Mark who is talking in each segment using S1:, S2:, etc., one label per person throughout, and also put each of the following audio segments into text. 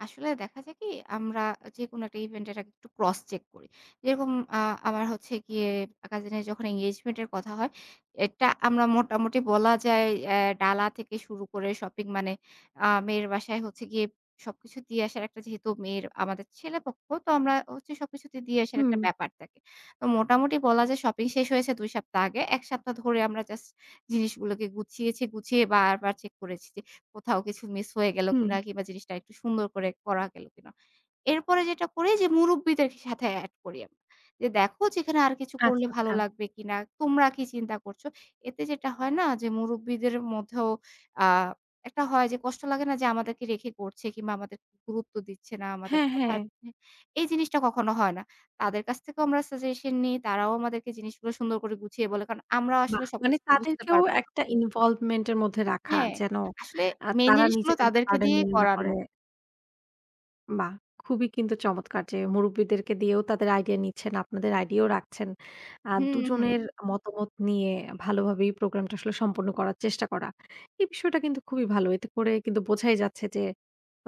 S1: আসলে দেখা যায় কি আমরা যেকোনো একটা ইভেন্ট এর আগে একটু ক্রস চেক করি। যেরকম আ আমার হচ্ছে গিয়ে কাজিনের যখন এনগেজমেন্ট এর কথা হয়, এটা আমরা মোটামুটি বলা যায় অ্যা ডালা থেকে শুরু করে শপিং মানে আ মেয়ের বাসায় হচ্ছে গিয়ে, সবকিছু দিয়ে আসার একটা যেহেতু মেয়ের আমাদের ছেলেপক্ষ, তো আমরা হচ্ছে সবকিছু তো দিয়ে আসার একটা
S2: হু।
S1: ব্যাপার থাকে। তো মোটামুটি বলা যায় শপিং শেষ হয়েছে ২ সপ্তাহ আগে। ১ সপ্তাহ ধরে আমরা জাস্ট জিনিসগুলোকে গুছিয়েছি। গুছিয়ে বারবার চেক করেছি যে কোথাও কিছু মিস হয়ে গেলো কিনা।
S2: হু।
S1: কিংবা জিনিসটা একটু সুন্দর করে করা গেলো কিনা। এরপরে যেটা করি যে মুরুব্বিদের সাথে এড করি আমরা। যে দেখো যে এখানে আর কিছু করলে
S2: আচ্ছা,
S1: ভালো
S2: আচ্ছা।
S1: লাগবে কিনা? তোমরা কি চিন্তা করছো? এতে যেটা হয় না যে মুরুব্বিদের মধ্যেও আ একটা হয় যে কষ্ট লাগে না যে আমাদেরকে রেখে করছে। কিংবা আমাদের গুরুত্ব দিচ্ছে না আমাদের
S2: হ্যাঁ,
S1: কথার।
S2: হ্যাঁ।
S1: এই জিনিসটা কখনো হয় না। তাদের কাছ থেকেও আমরা সাজেশন নেই। তারাও আমাদেরকে জিনিসগুলো সুন্দর করে গুছিয়ে বলে। কারণ আমরাও আসলে
S2: বাহ! মানে
S1: সবকিছু তো বুঝতে
S2: তাদেরকেও
S1: পারব না।
S2: একটা ইনভলভমেন্ট এর মধ্যে রাখা।
S1: হ্যাঁ।
S2: যেন
S1: আসলে
S2: আ
S1: মেইন
S2: তারা
S1: জিনিস গুলো
S2: নিজেদেরকে
S1: তাদেরকে
S2: বার্ডেন
S1: দিয়েই
S2: মনে না করে।
S1: করানো।
S2: বাহ! খুবই কিন্তু চমৎকার যে, মুরুব্বিদেরকে দিয়েও তাদের আইডিয়া নিচ্ছেন, আপনাদের আইডিয়াও রাখছেন। আ
S1: হু, হু।
S2: দুজনের মতামত নিয়ে ভালোভাবে এই প্রোগ্রাম টা আসলে সম্পন্ন করার চেষ্টা করা। এই বিষয়টা কিন্তু খুবই ভালো। এতে করে কিন্তু বোঝাই যাচ্ছে যে,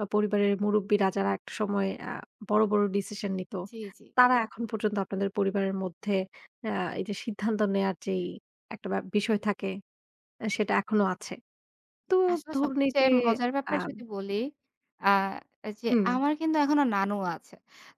S2: আ পরিবারের মুরুব্বিরা যারা একটা সময় আ বড়, বড় ডিসিশন নিত।
S1: জ্বী, জ্বী।
S2: তারা এখন পর্যন্ত আপনাদের পরিবারের মধ্যে আ এই যে সিদ্ধান্ত নেয়ার যে ই একটা ব্যাপ বিষয় থাকে। সেটা এখনো আছে।
S1: জ্বী,
S2: তো
S1: আসলে
S2: ধরুন এই যে
S1: সবচেয়ে মজার
S2: আ
S1: ব্যাপার যদি বলি যে আ যে
S2: হু।
S1: আমার কিন্তু এখনো নানু আছে।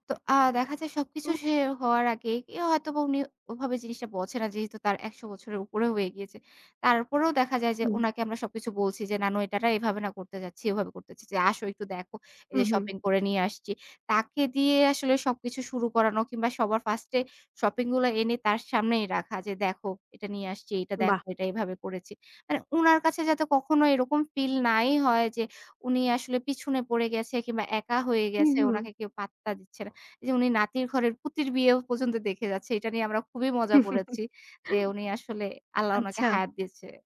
S1: তো আ দেখা যায় সবকিছু
S2: উ।
S1: শেষ হওয়ার আগে হয়তোবা উনি ওভাবে জিনিসটা বোঝে না। যেহেতু তার ১০০ বছরের উপরে হয়ে গিয়েছে। তারপরেও দেখা যায় যে
S2: হু।
S1: ওনাকে আমরা সবকিছু বলছি, যে "নানু এটা না এভাবে না করতে যাচ্ছি, এভাবে করতে যাচ্ছি। যে আসো একটু দেখো। এই
S2: হু,
S1: যে
S2: হু।
S1: শপিং করে নিয়ে আসছি।" তাকে দিয়ে আসলে সব কিছু শুরু করানো, কিংবা সবার ফার্স্ট এ শপিং গুলো এনে তার সামনেই রাখা। যে "দেখো এটা নিয়ে আসছি। এটা
S2: বাহ!
S1: দেখো। এটা এভাবে করেছি।" মানে ওনার কাছে যাতে কখনো এরকম ফিল নাই হয় যে উনি আসলে পিছনে পড়ে গেছে। কিংবা একা হয়ে
S2: হু,
S1: গেছে,
S2: হু।
S1: উনাকে কেউ পাত্তা দিচ্ছে না। এই যে উনি নাতির ঘরের পুতির বিয়েও পর্যন্ত দেখে যাচ্ছে। এটা নিয়ে আমরা খুবই মজা করেছি। যে উনি আসলে আল্লাহ উনাকে
S2: আচ্ছা।
S1: হায়াত দিয়েছে।